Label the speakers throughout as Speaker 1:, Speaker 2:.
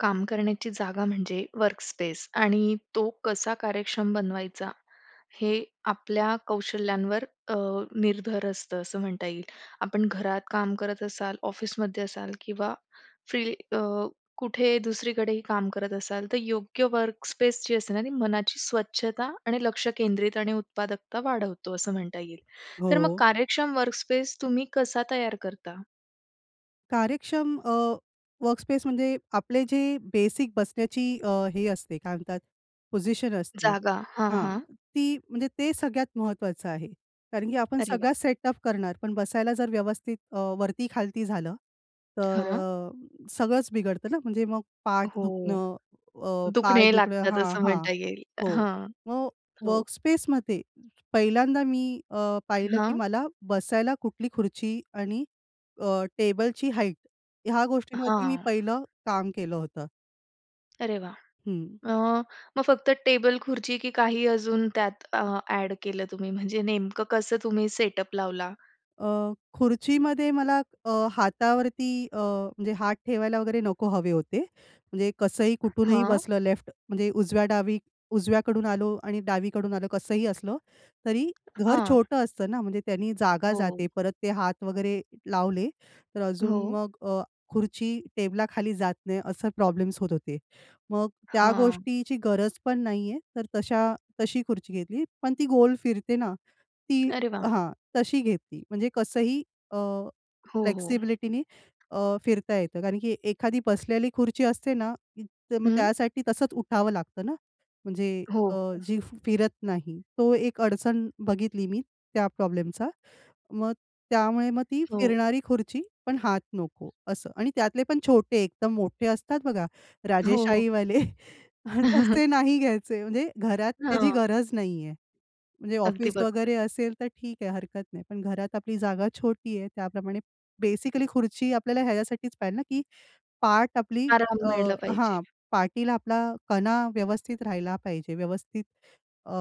Speaker 1: काम करण्याची जागा म्हणजे वर्कस्पेस आणि तो कसा कार्यक्षम बनवायचा, हे आपल्या कौशल्यांवर अ, निर्भर असतं असं म्हणता येईल. आपण घरात काम करत असाल, ऑफिसमध्ये असाल किंवा फ्री अ, कुठे दुसरीकडेही काम करत असाल, तर योग्य वर्कस्पेस जी असते ना, ती मनाची स्वच्छता आणि लक्ष केंद्रित आणि उत्पादकता वाढवतो असं म्हणता येईल. तर मग
Speaker 2: हो.
Speaker 1: कार्यक्षम वर्कस्पेस तुम्ही कसा तयार करता?
Speaker 2: कार्यक्षम अ, वर्कस्पेस म्हणजे, आपले जे बेसिक बसण्याची अ, हे असते काय म्हणतात पोझिशन असते.
Speaker 1: जागा. हां,
Speaker 2: हां.
Speaker 1: हां.
Speaker 2: ती म्हणजे ते सगळ्यात महत्वाचं आहे. कारण की आपण
Speaker 1: अरे
Speaker 2: सगळ्या
Speaker 1: वाह!
Speaker 2: सेटअप करणार, पण बसायला जर व्यवस्थित अ, वरती खालती झालं. तर
Speaker 1: हां.
Speaker 2: अ, सगळंच बिघडतं ना, म्हणजे मग पाठ
Speaker 1: हो.
Speaker 2: दुखणं, अ, पाय
Speaker 1: दुखणे
Speaker 2: दुखणं,
Speaker 1: लागतात
Speaker 2: हां,
Speaker 1: असं
Speaker 2: हां.
Speaker 1: म्हणता येईल.
Speaker 2: हो.
Speaker 1: हां.
Speaker 2: मग
Speaker 1: हो.
Speaker 2: वर्कस्पेसमध्ये पहिल्यांदा मी अ, पाहिलं, की
Speaker 1: हां.
Speaker 2: मला बसायला कुठली खुर्ची आणि अ, टेबलची हाईट ह्या गोष्टींवरती मी
Speaker 1: हां.
Speaker 2: पहिलं काम केलं होतं.
Speaker 1: अरे वाह!
Speaker 2: हं.
Speaker 1: अ, मग फक्त टेबल-खुर्ची, की काही अजून त्यात अ, ॲड केलं तुम्ही म्हणजे नेमकं कसं तुम्ही सेटअप लावला?
Speaker 2: अ, खुर्चीमध्ये मला अ, हातावरती अ, म्हणजे हात ठेवायला वगैरे नको हवे होते. म्हणजे कसंही कुठूनही
Speaker 1: हां.
Speaker 2: बसलं लेफ्ट म्हणजे उजव्या-डावी उजव्याकडून आलो आणि डावीकडून आलं कसंही असलं तरी घर
Speaker 1: हां.
Speaker 2: छोटं असतं ना म्हणजे त्यांनी जागा
Speaker 1: हो.
Speaker 2: जाते. परत ते हात वगैरे लावले तर अजून
Speaker 1: हो.
Speaker 2: मग अ, खुर्ची टेबलाखाली जात नाही असं प्रॉब्लेम्स होत होते. मग त्या
Speaker 1: हां.
Speaker 2: गोष्टीची गरज पण नाही आहे तर तशा तशी खुर्ची घेतली पण ती गोल फिरते ना ती
Speaker 1: अरे वाह!
Speaker 2: हां, तशी घेतली. म्हणजे कसंही अ,
Speaker 1: हो, हो.
Speaker 2: फ्लेक्सिबिलिटीनी अ, फिरता येतं. कारण की एखादी बसलेली खुर्ची असते ना, तर मग
Speaker 1: हं.
Speaker 2: त्यासाठी तसंच उठावं लागतं ना, म्हणजे
Speaker 1: हो.
Speaker 2: अ,
Speaker 1: ओ.
Speaker 2: जी फ फिरत नाही. तो एक अडचण बघितली मी त्या प्रॉब्लेमचा. मग त्यामुळे मग ती
Speaker 1: हो.
Speaker 2: फिरणारी खुर्ची, पण हात नको असं. आणि त्यातले पण छोटे, एकदम मोठे असतात बघा
Speaker 1: हो, हो.
Speaker 2: राजेशाहीवाले, तसे नाही घ्यायचे. म्हणजे घरात त्याची
Speaker 1: हां.
Speaker 2: गरज नाहीये. म्हणजे
Speaker 1: अगदी
Speaker 2: ऑफिस
Speaker 1: बरोबर.
Speaker 2: वगैरे असेल तर ठीक आहे हरकत नाही. पण घरात आपली जागा छोटी आहे त्याप्रमाणे बेसिकली खुर्ची आपल्याला ह्याच्यासाठीच पाहिजे ना की पाठ आपली
Speaker 1: आराम
Speaker 2: अ,
Speaker 1: मिळला पाहिजे.
Speaker 2: हां पाठीला आपला कणा व्यवस्थित राहिला पाहिजे. व्यवस्थित अ,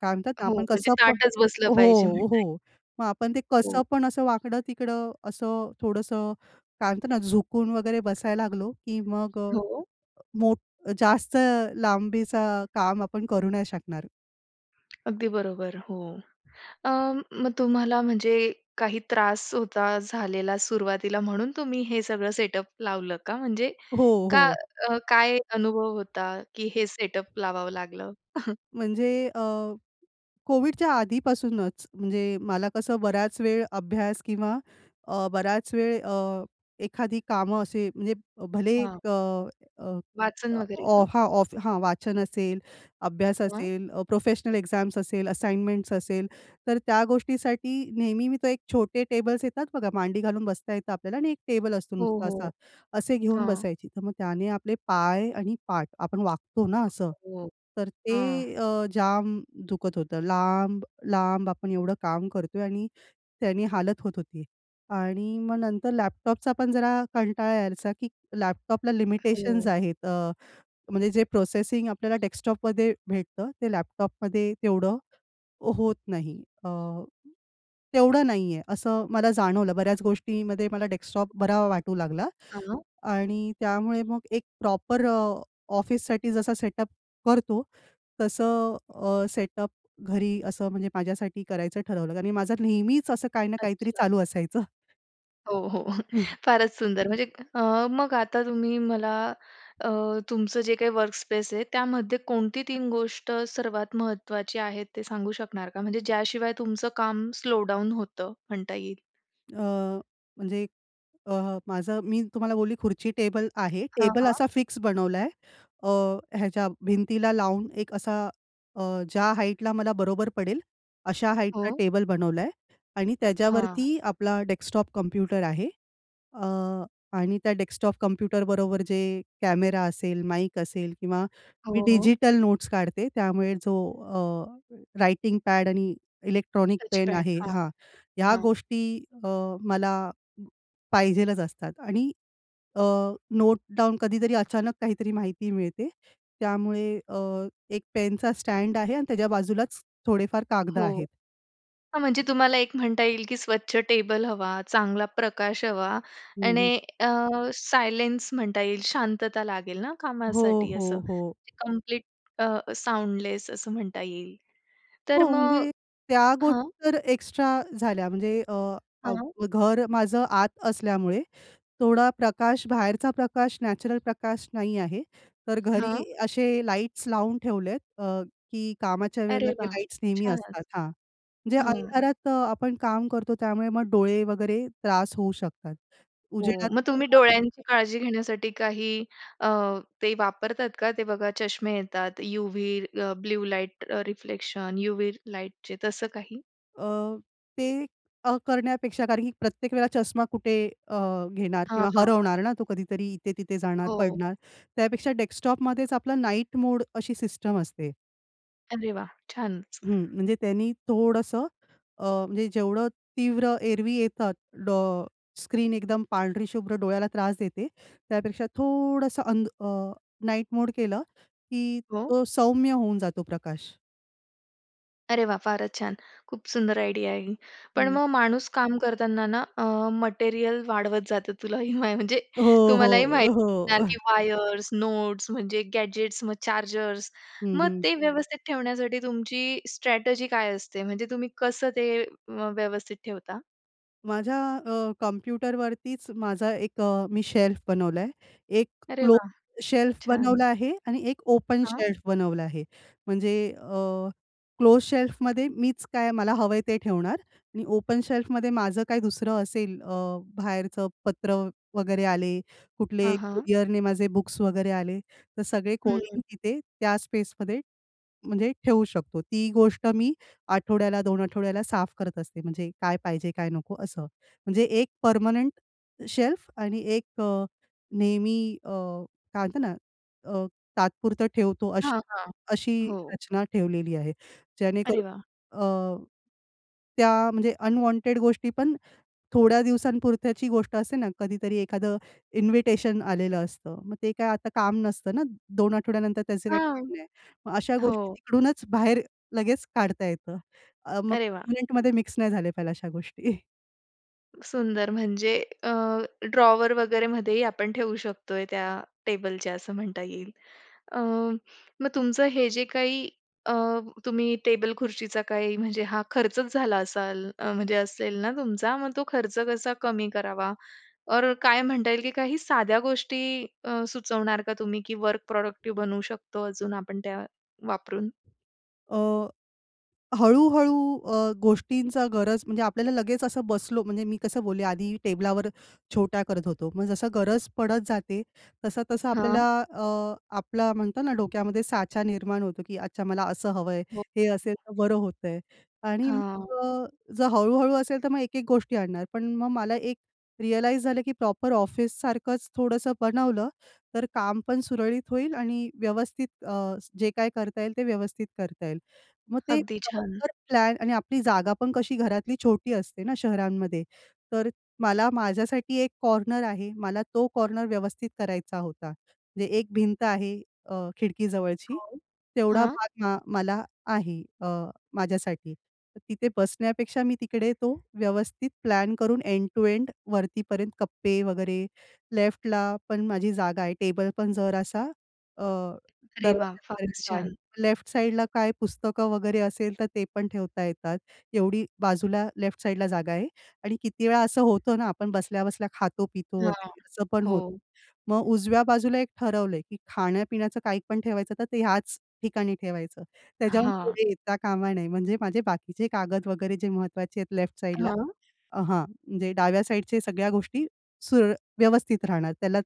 Speaker 2: काय म्हणतात ना
Speaker 1: हो,
Speaker 2: आपण
Speaker 1: म्हणजे
Speaker 2: कसं प
Speaker 1: ताठच बसलं पाहिजे
Speaker 2: हो,
Speaker 1: म्हणताय.
Speaker 2: हो मग आपण ते
Speaker 1: हो.
Speaker 2: कसं पण असं वाकडं-तिकडं असं थोडंसं काय म्हणतात ना झुकून वगैरे बसायला लागलो की मग अ,
Speaker 1: हो.
Speaker 2: मोठ जास्त लांबीचं काम आपण करू नाही शकणार.
Speaker 1: अगदी बरोबर. हो. अ, मग तुम्हाला म्हणजे काही त्रास होता, झालेला सुरुवातीला म्हणून तुम्ही हे सगळं सेटअप लावलं का? म्हणजे
Speaker 2: हो,
Speaker 1: का
Speaker 2: हो.
Speaker 1: अ, काय अनुभव होता की हे सेटअप लावावं लागलं?
Speaker 2: म्हणजे अ, COVIDच्या आधीपासूनच, म्हणजे मला कसं बऱ्याच वेळ अभ्यास किंवा अ, बराच वेळ अ, एखादी कामं असे म्हणजे भले
Speaker 1: हां.
Speaker 2: एक अ, अ,
Speaker 1: वाचन वगैरे
Speaker 2: ऑ
Speaker 1: का?
Speaker 2: हां, ऑफ हां वाचन असेल, अभ्यास
Speaker 1: हां.
Speaker 2: असेल, अ, प्रोफेशनल एक्झाम्स असेल, असाइनमेंट्स असेल, तर त्या गोष्टीसाठी नेहमी मी तो एक छोटे टेबल्स येतात बघा मांडी घालून बसता येतं आपल्याला आणि एक टेबल असतो
Speaker 1: हो,
Speaker 2: नुसता असा.
Speaker 1: हो.
Speaker 2: असे घेऊन
Speaker 1: हां.
Speaker 2: बसायची. तर मग त्याने आपले पाय आणि पाठ आपण वाकतो ना असं,
Speaker 1: हो.
Speaker 2: तर
Speaker 1: हां.
Speaker 2: ते अ, जाम दुखत होतं. लांब, लांब आपण एवढं काम करतोय आणि त्यानी हालत होत होती. आणि मग नंतर लॅपटॉपचा पण जरा कंटाळा यायचा की लॅपटॉपला लिमिटेशन्स
Speaker 1: हो.
Speaker 2: आहेत. अ, म्हणजे जे प्रोसेसिंग आपल्याला डेस्कटॉपमध्ये भेटतं, ते लॅपटॉपमध्ये तेवढं होत नाही अ, तेवढं नाही आहे असं मला जाणवलं बऱ्याच गोष्टीमध्ये मला डेस्कटॉप बरा वाटू लागला
Speaker 1: हां.
Speaker 2: आणि त्यामुळे मग एक प्रॉपर अ, ऑफिससाठी जसा सेटअप करतो, तसं अ, सेटअप घरी असं म्हणजे माझ्यासाठी करायचं ठरवलं कारण की माझं नेहमीच असं काही ना काहीतरी
Speaker 1: अच्छा.
Speaker 2: चालू असायचं.
Speaker 1: हो, हो.
Speaker 2: हं.
Speaker 1: फारच सुंदर म्हणजे. अ, मग आता तुम्ही मला अ, तुमचं जे काही वर्कस्पेस आहे, त्यामध्ये कोणती 3 गोष्ट सर्वात महत्वाची आहे ते सांगू शकणार का? म्हणजे ज्या शिवाय तुमचं काम स्लो डाउन होतं म्हणता येईल.
Speaker 2: अ, म्हणजे अ, माझं मी तुम्हाला बोलली खुर्ची टेबल आहे.
Speaker 1: हां,
Speaker 2: टेबल
Speaker 1: हां.
Speaker 2: असा फिक्स बनवलाय. अ, ह्याच्या भिंतीला लावून एक असा अ, ज्या हाईटला मला बरोबर पडेल अशा हाईटचा
Speaker 1: हो.
Speaker 2: टेबल बनवलाय आणि
Speaker 1: हां.
Speaker 2: त्याच्यावरती आपला डेस्कटॉप कॉम्प्युटर आहे. अ, आणि त्या डेस्कटॉप कॉम्प्युटर बरोबर जे कॅमेरा असेल, माईक असेल किंवा मी
Speaker 1: हो, हो.
Speaker 2: डिजिटल नोट्स काढते. त्यामुळे जो अ, रायटिंग पॅड आणि इलेक्ट्रॉनिक पेन
Speaker 1: टचपॅड.
Speaker 2: आहे
Speaker 1: हां.
Speaker 2: हां. ह्या
Speaker 1: हां.
Speaker 2: गोष्टी अ, मला पाहिजेलच असतात आणि अ, नोट डाउन कधीतरी अचानक काहीतरी माहिती मिळते. त्यामुळे अ, एक पेनचा स्टॅड आहे आणि त्याच्या बाजूलाच थोडेफार कागदं
Speaker 1: हो.
Speaker 2: आहेत.
Speaker 1: हां, म्हणजे तुम्हाला एक म्हणता येईल की स्वच्छ टेबल हवा, चांगला प्रकाश हवा
Speaker 2: हं, हं.
Speaker 1: आणि अ, सायलेन्स म्हणता येईल शांतता लागेल ना,
Speaker 2: हो,
Speaker 1: कामासाठी
Speaker 2: हो,
Speaker 1: असं.
Speaker 2: हो.
Speaker 1: कंप्लीट अ, साउंडलेस असं म्हणता येईल. तर
Speaker 2: हो,
Speaker 1: मग
Speaker 2: म्हणजे त्या
Speaker 1: हां.
Speaker 2: गोष्टी, तर एक्स्ट्रा झाल्या. म्हणजे अ, अ,
Speaker 1: हां.
Speaker 2: घर माझं आत असल्यामुळे थोडा प्रकाश बाहेरचा प्रकाश, नॅचरल प्रकाश नाही आहे. तर घरी
Speaker 1: हां.
Speaker 2: असे लाईट्स लावून ठेवले आहेत अ, की कामाच्या वेळेला
Speaker 1: अरे
Speaker 2: ते
Speaker 1: वाह!
Speaker 2: लाईट्स नेहमी
Speaker 1: छान.
Speaker 2: असतात हां. म्हणजे
Speaker 1: हां.
Speaker 2: अंधारात आपण काम करतो त्यामुळे मग डोळे वगैरे त्रास होऊ शकतात.
Speaker 1: हो.
Speaker 2: उजेडात
Speaker 1: मग
Speaker 2: ती
Speaker 1: तुम्ही
Speaker 2: [unintelligible]
Speaker 1: डोळ्यांची काळजी घेण्यासाठी काही अ, ते वापरतात का? ते बघा चष्मे येतात, यूव्ही अ, ब्लू लाईट रिफ्लेक्शन, यूव्ही लाईटचे तसं काही?
Speaker 2: अ, ते अ, करण्यापेक्षा कारण की प्रत्येक वेळा चष्मा कुठे अ, घेणार
Speaker 1: हां,
Speaker 2: किंवा
Speaker 1: हां.
Speaker 2: हरवणार ना तो कधीतरी इथे तिथे जाणार,
Speaker 1: हो.
Speaker 2: पडणार. त्यापेक्षा डेस्कटॉपमध्येच आपलं नाईट मोड अशी सिस्टम असते.
Speaker 1: अरे वाह! छानच.
Speaker 2: हं, म्हणजे त्यांनी थोडसं अ, म्हणजे जेवढं तीव्र एरवी येतात डो स्क्रीन एकदम पांढरी शुभ्र डोळ्याला त्रास देते त्यापेक्षा थोडंसं अंध अ, नाईट मोड केलं की
Speaker 1: हो.
Speaker 2: तो सौम्य होऊन जातो प्रकाश.
Speaker 1: अरे वाह! फारच छान. खूप सुंदर आयडिया आहे. पण
Speaker 2: हं.
Speaker 1: मग माणूस काम करताना ना अ, मटेरियल वाढवत जातं. तुलाही मा म्हणजे
Speaker 2: हो,
Speaker 1: तुम्हालाही माहीत
Speaker 2: हो, हो.
Speaker 1: असणार की वायर्स, नोट्स म्हणजे गॅजेट्स मग चार्जर्स.
Speaker 2: हं,
Speaker 1: मग
Speaker 2: हं.
Speaker 1: ते व्यवस्थित ठेवण्यासाठी तुमची स्ट्रॅटेजी काय असते म्हणजे तुम्ही कसं ते व्यवस्थित ठेवता?
Speaker 2: माझ्या अ, कॉम्प्युटरवरतीच माझा एक अ, मी शेल्फ बनवलाय. एक
Speaker 1: अरे वाह!
Speaker 2: क्लोज शेल्फ
Speaker 1: छान.
Speaker 2: बनवला आहे आणि एक ओपन
Speaker 1: हां.
Speaker 2: शेल्फ बनवला आहे. म्हणजे अ क्लोज शेल्फमध्ये मीच काय मला हवंय ते ठेवणार आणि ओपन शेल्फ मध्ये माझं काही दुसरं असेल अ, बाहेरचं पत्र वगैरे आले, कुठले
Speaker 1: हां, हां.
Speaker 2: कुरिअरने माझे बुक्स वगैरे आले तर सगळे
Speaker 1: हं.
Speaker 2: कोणीही तिथे त्या स्पेसमध्ये, म्हणजे ठेवू शकतो. ती गोष्ट मी आठवड्याला, 2 आठवड्याला साफ करत असते म्हणजे काय पाहिजे काय नको असं म्हणजे एक परमनेंट शेल्फ आणि एक अ, नेहमी अ, काय म्हणतात ना अ, तात्पुरतं ठेवतो अशी
Speaker 1: हां, हां.
Speaker 2: अशी
Speaker 1: हो.
Speaker 2: रचना ठेवलेली आहे.
Speaker 1: अरे
Speaker 2: जेणेकरून
Speaker 1: वाह!
Speaker 2: अ, त्या म्हणजे अनवॉन्टेड गोष्टी पण थोड्या दिवसांपुरत्याची गोष्ट असते ना कधीतरी एखादं इन्व्हिटेशन आलेलं असतं. मग ते काय आता काम नसतं ना 2 आठवड्यानंतर त्याचे काही
Speaker 1: हां.
Speaker 2: काम नाही. मग अशा गोष्टी
Speaker 1: हो.
Speaker 2: तिकडूनच बाहेर लगेच काढता येतं. अ, मग
Speaker 1: अरे वाह!
Speaker 2: [unintelligible] मध्ये मिक्स नाही झाले पाहिला अशा गोष्टी.
Speaker 1: सुंदर! म्हणजे अ, ड्रॉवर वगैरे मध्येही आपण ठेवू शकतोय त्या टेबलच्या असं म्हणता येईल. अ, मग तुमचं हे जे काही अ, तुम्ही टेबल-खुर्चीचा हा काही म्हणजे हा खर्चच झाला असाल म्हणजे असेल ना तुमचा मग तो खर्च कसा कमी करावा? और काय म्हणता येईल की काही साध्या गोष्टी अ, सुचवणार का तुम्ही की वर्क प्रॉडक्टिव्ह बनवू शकतो अजून आपण त्या वापरून?
Speaker 2: अ, हळू-हळू अ, गोष्टींचा गरज म्हणजे आपल्याला लगेच असं बसलो म्हणजे मी कसं बोलले आधी टेबलावर छोट्या करत होतो. मग जसा गरज पडत जाते, तसा-तसा आपल्याला
Speaker 1: हां.
Speaker 2: अ, आपला म्हणतात ना डोक्यामध्ये साचा निर्माण होतो की अच्छा मला असं हवं आहे,
Speaker 1: हो.
Speaker 2: हे असेल तर बरं होतं आहे. आणि मग
Speaker 1: हां.
Speaker 2: अ, जर हळू-हळू असेल तर मग एक-एक गोष्टी आणणार. पण मग मला एक रिअलाईज झालं की प्रॉपर ऑफिससारखंच थोडंसं बनवलं तर काम पण सुरळीत होईल आणि व्यवस्थित अ, जे काही करता येईल ते व्यवस्थित करता येईल. मग ते
Speaker 1: अगदी छान!
Speaker 2: प्रॉपर प्लॅन आणि आपली जागा पण कशी घरातली छोटी असते ना शहरांमध्ये तर मला माझ्यासाठी एक कॉर्नर आहे मला तो कॉर्नर व्यवस्थित करायचा होता. म्हणजे एक भिंत आहे अ, खिडकीजवळची.
Speaker 1: हो.
Speaker 2: तेवढा
Speaker 1: हां.
Speaker 2: भाग अ, मला आहे अ, माझ्यासाठी. तर तिथे बसण्यापेक्षा मी तिकडे तो व्यवस्थित प्लॅन करून एंड टू एंड वरती पर्यंत कप्पे वगैरे. लेफ्टला पण माझी जागा आहे टेबल पण जरासा अ,
Speaker 1: अरे वाह! फारच
Speaker 2: दरवाज्यापर्यंत आहे.
Speaker 1: छान.
Speaker 2: लेफ्ट साइडला काय पुस्तकं वगैरे असेल तर ते पण ठेवता येतात. एवढी बाजूला लेफ्ट साइडला जागा आहे आणि किती वेळा असं होतं ना आपण बसल्या-बसल्या खातो पितो
Speaker 1: हां.
Speaker 2: वगैरे असं पण होतं.
Speaker 1: हो.
Speaker 2: मग उजव्या बाजूला एक ठरवलं आहे की खाण्यापिण्याचं काही पण ठेवायचं तर ते ह्याच ठिकाणी ठेवायचं. त्याच्याहून
Speaker 1: हां.
Speaker 2: पुढे येता कामा नये. म्हणजे माझे बाकीचे कागद वगैरे जे महत्वाचे आहेत लेफ्ट साइडला
Speaker 1: हां.
Speaker 2: अ, हां म्हणजे डाव्या साइडच्या सगळ्या गोष्टी सुरळ व्यवस्थित राहणार. त्याला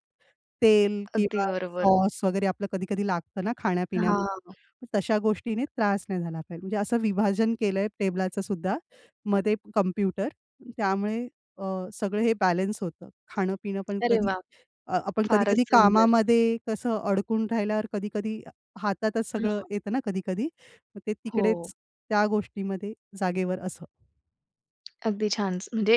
Speaker 2: तेल
Speaker 1: अगदी
Speaker 2: किंवा
Speaker 1: बरोबर.
Speaker 2: सॉस वगैरे आपलं कधी-कधी लागतं ना खाण्यापिण्यामध्ये,
Speaker 1: हां.
Speaker 2: तशा गोष्टीने त्रास नाही झाला पाहिजे. म्हणजे असं विभाजन केलं आहे टेबलाचं सुद्धा मध्ये कॉम्प्युटर त्यामुळे अ, सगळं हे बॅलन्स होतं. खाणं पिणं पण
Speaker 1: अरे
Speaker 2: कधी
Speaker 1: वाह!
Speaker 2: अ, आपण
Speaker 1: फारच
Speaker 2: कधी-कधी
Speaker 1: सुंदर.
Speaker 2: कामामध्ये कसं अडकून राहिल्यावर कधी-कधी हातातच सगळं
Speaker 1: हां.
Speaker 2: येतं ना कधी-कधी मग ते
Speaker 1: हो.
Speaker 2: तिकडेच त्या गोष्टीमध्ये जागेवर असं.
Speaker 1: अगदी छानच. म्हणजे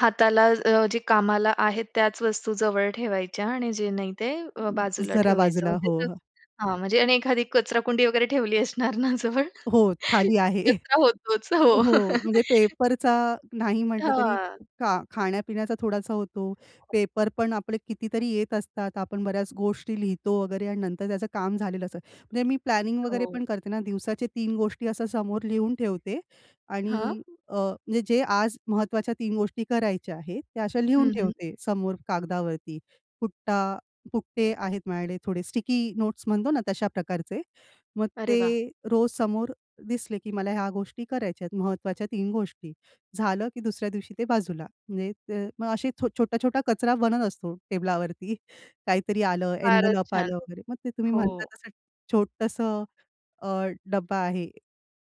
Speaker 1: हाताला अ, जे कामाला आहेत त्याच वस्तू जवळ ठेवायच्या आणि जे नाही ते अ, बाजूला
Speaker 2: जरा
Speaker 1: ठेवायचं
Speaker 2: बाजूला. हो हं.
Speaker 1: हां, म्हणजे आणि एखादी कचराकुंडी वगैरे ठेवली असणार ना जवळ?
Speaker 2: हो. खाली आहे.
Speaker 1: कचरा होतोच हो.
Speaker 2: हो, म्हणजे पेपरचा नाही म्हंटलं तरी
Speaker 1: हां.
Speaker 2: खा खाण्यापिण्याचा थोडासा होतो, पेपर पण आपले कितीतरी येत असतात, आपण बऱ्याच गोष्टी लिहितो वगैरे आणि नंतर त्याचं काम झालेलं असतं. म्हणजे मी प्लॅनिंग वगैरे
Speaker 1: हो.
Speaker 2: पण करते ना दिवसाचे 3 गोष्टी अशा समोर लिहून ठेवते
Speaker 1: हां.
Speaker 2: आणि अ, म्हणजे जे आज महत्वाच्या 3 गोष्टी करायच्या आहेत त्या अशा लिहून
Speaker 1: हं, हं.
Speaker 2: ठेवते समोर कागदावरती. फुट्टा पुट्टे आहेत माझ्याकडे थोडे स्टिकी नोट्स म्हणतो ना तशा प्रकारचे. मग
Speaker 1: अरे वाह!
Speaker 2: ते रोज समोर दिसले की मला ह्या गोष्टी करायच्यात महत्वाच्या 3 गोष्टी. झालं की दुसऱ्या दिवशी ते बाजूला. म्हणजे द मग असे छोटा-छोटा कचरा बनत असतो, टेबलावरती काहीतरी आलं,
Speaker 1: फारच
Speaker 2: एन्व्हलप
Speaker 1: छान.
Speaker 2: आलं वगैरे. मग ते तुम्ही
Speaker 1: हो.
Speaker 2: म्हणता तसं छोटसं अ, डब्बा आहे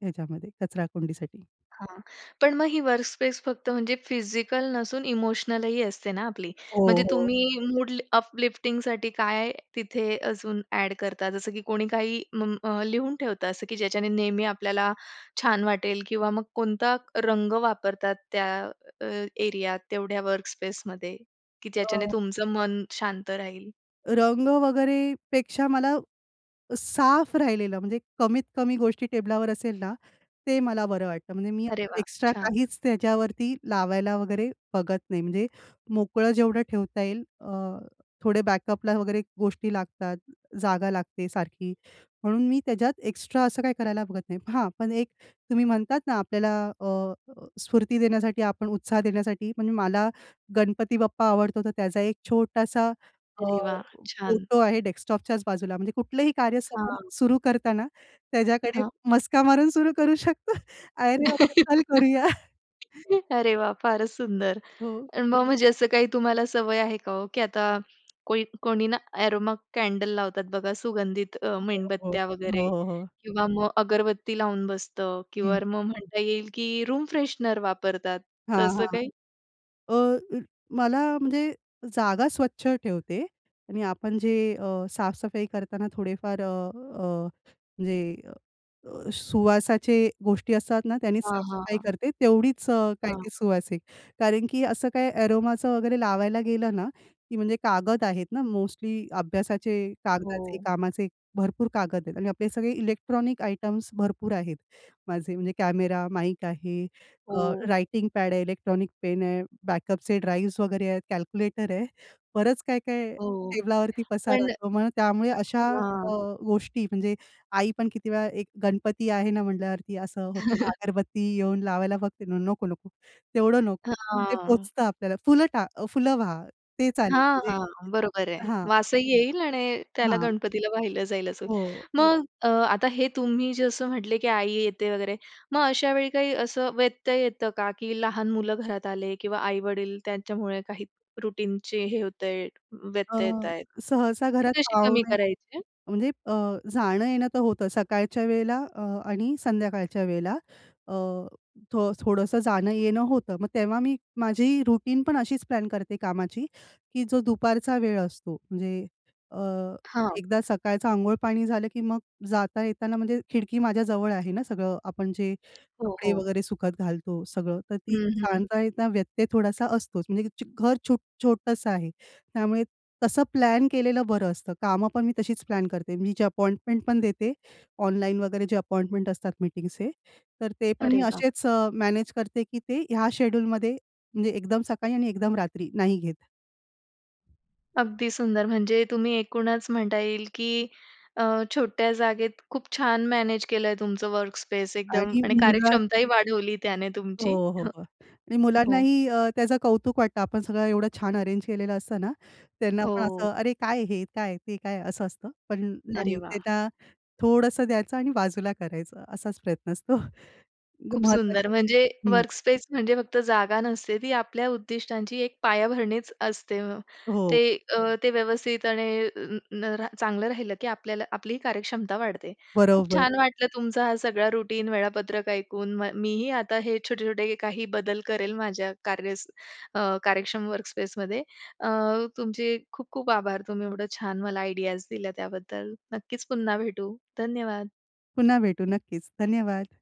Speaker 2: ह्याच्यामध्ये कचराकुंडीसाठी.
Speaker 1: हां. पण मग ही वर्कस्पेस फक्त म्हणजे फिजिकल नसून इमोशनल ही असते ना आपली.
Speaker 2: हो,
Speaker 1: म्हणजे
Speaker 2: हो.
Speaker 1: तुम्ही मूड अपलिफ्टिंग साठी काय तिथे अजून ॲड करता जसं की कोणी काही उम लिहून ठेवता असं की ज्याच्याने नेहमी आपल्याला, छान वाटेल किंवा मग कोणता रंग वापरतात त्या अ, एरियात तेवढ्या वर्क स्पेस मध्ये? की ज्याच्याने
Speaker 2: हं.
Speaker 1: तुमचं मन शांत राहील.
Speaker 2: रंग वगैरे पेक्षा मला साफ राहिलेलं, म्हणजे कमीत कमी गोष्टी टेबलावर असेल ना, ते मला बरं वाटतं. म्हणजे मी
Speaker 1: अरे
Speaker 2: असं
Speaker 1: वाह!
Speaker 2: एक्स्ट्रा
Speaker 1: छान.
Speaker 2: काहीच त्याच्यावरती लावायला वगैरे बघत नाही. म्हणजे मोकळं जेवढं ठेवता येईल अ, थोडे बॅकअपला वगैरे गोष्टी लागतात, जागा लागते सारखी, म्हणून मी त्याच्यात एक्स्ट्रा असं काही करायला बघत नाही. हां, पण एक तुम्ही म्हणतात ना आपल्याला अ, स्फूर्ती देण्यासाठी आपण उत्साह देण्यासाठी म्हणजे मला गणपती बाप्पा आवडतो तर त्याचा एक छोटासा अ,
Speaker 1: अरे वाह! छान.
Speaker 2: फोटो आहे डेस्कटॉपच्याच बाजूला, म्हणजे कुठलंही कार्य
Speaker 1: हां.
Speaker 2: सुरु करताना त्याच्याकडे
Speaker 1: हां.
Speaker 2: मस्का मारून सुरू करू शकतो. "अरे बाबा चल करूया."
Speaker 1: अरे वाह! फारच सुंदर!
Speaker 2: हो.
Speaker 1: आणि मग, म्हणजे असं काही तुम्हाला सवय आहे का हो की आता कोई कोणी ना अरोमा कॅन्डल लावतात बघा सुगंधित, अ,
Speaker 2: हो, हो.
Speaker 1: मेणबत्त्या
Speaker 2: हो,
Speaker 1: वगैरे
Speaker 2: हो, हो.
Speaker 1: किंवा मग अगरबत्ती लावून बसतं किंवा
Speaker 2: हं.
Speaker 1: मग म्हणता येईल की रूम फ्रेशनर वापरतात
Speaker 2: हां.
Speaker 1: तसं
Speaker 2: हां.
Speaker 1: काही?
Speaker 2: अ, अ मला म्हणजे जागा स्वच्छ ठेवते आणि आपण जे अ, साफ-सफाई करताना थोडेफार अ, अ, म्हणजे अ, सुवासाचे गोष्टी असतात ना, त्यांनी
Speaker 1: हां,
Speaker 2: साफ-सफाई
Speaker 1: हां.
Speaker 2: करते. तेवढीच काय
Speaker 1: हां.
Speaker 2: ते सुवासीक. कारण की असं काय अरोमाचं वगैरे लावायला गेलं ना की म्हणजे कागद आहेत ना मोस्टली अभ्यासाचे, कागदाचे,
Speaker 1: हो.
Speaker 2: कामाचे, भरपूर कागद आहेत. आणि आपले सगळे इलेक्ट्रॉनिक आयटम्स भरपूर आहेत. माझे म्हणजे कॅमेरा, माईक आहे, अ
Speaker 1: हो.
Speaker 2: रायटिंग पॅड आहे, इलेक्ट्रॉनिक पेन आहे, बॅकअपचे ड्राईव्हज वगैरे आहेत, कॅल्क्युलेटर आहे. बरच काय-काय
Speaker 1: हो.
Speaker 2: टेबलावरती पसारा
Speaker 1: पण
Speaker 2: असतो. मग त्यामुळे
Speaker 1: अ
Speaker 2: अशा
Speaker 1: हां.
Speaker 2: अ, गोष्टी म्हणजे आई पण किती वेळा एक गणपती आहे ना म्हटल्यावरती असं होतं, अगरबत्ती येऊन लावायला बघते ना, नको नको तेवढं नको, ते
Speaker 1: हां.
Speaker 2: पोहोचतं आपल्याला फुलं टा अ, फुलं वहा, ते चालेल
Speaker 1: हां.
Speaker 2: म्हणजे
Speaker 1: हां. बरोबर आहे.
Speaker 2: हां.
Speaker 1: वासही येईल आणि त्याला
Speaker 2: हां.
Speaker 1: गणपतीला वाहिलं जाईल असं.
Speaker 2: हो.
Speaker 1: मग अ, आता हे तुम्ही जसं म्हटले की आई येते, वगैरे मग अशा वेळी काही असं व्यत्यय येतं का, की लहान मुलं घरात आले किंवा आई-वडील त्यांच्यामुळे काही रूटीनचे हे होतंय,
Speaker 2: अ,
Speaker 1: व्यत्यय येत आहेत.
Speaker 2: सहसा
Speaker 1: ते
Speaker 2: घरात
Speaker 1: कसे कमी
Speaker 2: पाहुणे
Speaker 1: करायचे?
Speaker 2: म्हणजे अ, जाणं-येणं तर होतं, सकाळच्या वेळेला अ, आणि संध्याकाळच्या वेळेला. अ, थोडंसं जाणं-येणं होतं. मग तेव्हा मी माझी रूटीन पण अशीच प्लॅन करते कामाची की जो दुपारचा वेळ असतो म्हणजे अ,
Speaker 1: हां.
Speaker 2: एकदा सकाळचं अंघोळ पाणी झालं, की मग जाता-येताना म्हणजे खिडकी माझ्याजवळ आहे ना सगळं आपण जे
Speaker 1: हो,
Speaker 2: कपडे
Speaker 1: हो.
Speaker 2: वगैरे सुखत घालतो सगळं, तर ती
Speaker 1: हं, हं.
Speaker 2: जाता- येता व्यत्यय थोडासा असतोच. म्हणजे की चु घर छुट छोटंसं आहे, त्यामुळे तसं प्लॅन केलेलं बरं असतं. कामं पण मी तशीच प्लॅन करते. मी जे अपॉइंटमेंट पण देते, ऑनलाईन वगैरे जे अपॉइंटमेंट असतात मीटिंगचे. तर ते पण
Speaker 1: अरे
Speaker 2: मी
Speaker 1: वा!
Speaker 2: असेच अ, मॅनेज करते की ते ह्या शेड्यूलमध्ये म्हणजे एकदम सकाळी आणि एकदम रात्री नाही घेत.
Speaker 1: अगदी सुंदर. म्हणजे तुम्ही एकूणच म्हणता येईल की अ, छोट्या जागेत खूप छान मॅनेज केलंय तुमचं वर्कस्पेस एकदम
Speaker 2: आणि
Speaker 1: आणि
Speaker 2: मुला
Speaker 1: कार्यक्षमताही वाढवली त्याने
Speaker 2: हो,
Speaker 1: तुमची.
Speaker 2: हो, हो. आणि
Speaker 1: ह हो.
Speaker 2: मुलांनाही अ, त्याचं कौतुक वाटतं. आपण सगळं एवढं छान अरेंज केलेलं असतं ना? त्यांना पण
Speaker 1: हो.
Speaker 2: असं, "अरे काय, हे काय? ते काय?" असं असतं. पण
Speaker 1: अरे
Speaker 2: नाही,
Speaker 1: वाह!
Speaker 2: त्यांना थोडंसं द्यायचं आणि बाजूला करायचं असाच प्रयत्न असतो. अगदी
Speaker 1: खूप
Speaker 2: महत्वाचे
Speaker 1: सुंदर म्हणजे
Speaker 2: हं.
Speaker 1: वर्कस्पेस म्हणजे फक्त जागा नसते. ती आपल्या उद्दिष्टांची एक पायाभरणीच असते. ते
Speaker 2: हो.
Speaker 1: अ, ते व्यवस्थित आणि अ अ न चांगलं राहिलं की आपल्याला आपली कार्यक्षमता वाढते. खूप
Speaker 2: बरोबर.
Speaker 1: छान वाटलं तुमचा हा सगळा रुटीन वेळापत्रक ऐकून. म मी ही आता हे छोटे-छोटे काही बदल करेल माझ्या कार्य अ, कार्यक्षम वर्कस्पेसमध्ये. अ, तुमचे खूप, खूप आभार तुम्ही एवढं छान मला आयडियाज दिल्या त्याबद्दल. नक्कीच पुन्हा भेटू. धन्यवाद.
Speaker 2: पुन्हा भेटू नक्कीच. धन्यवाद.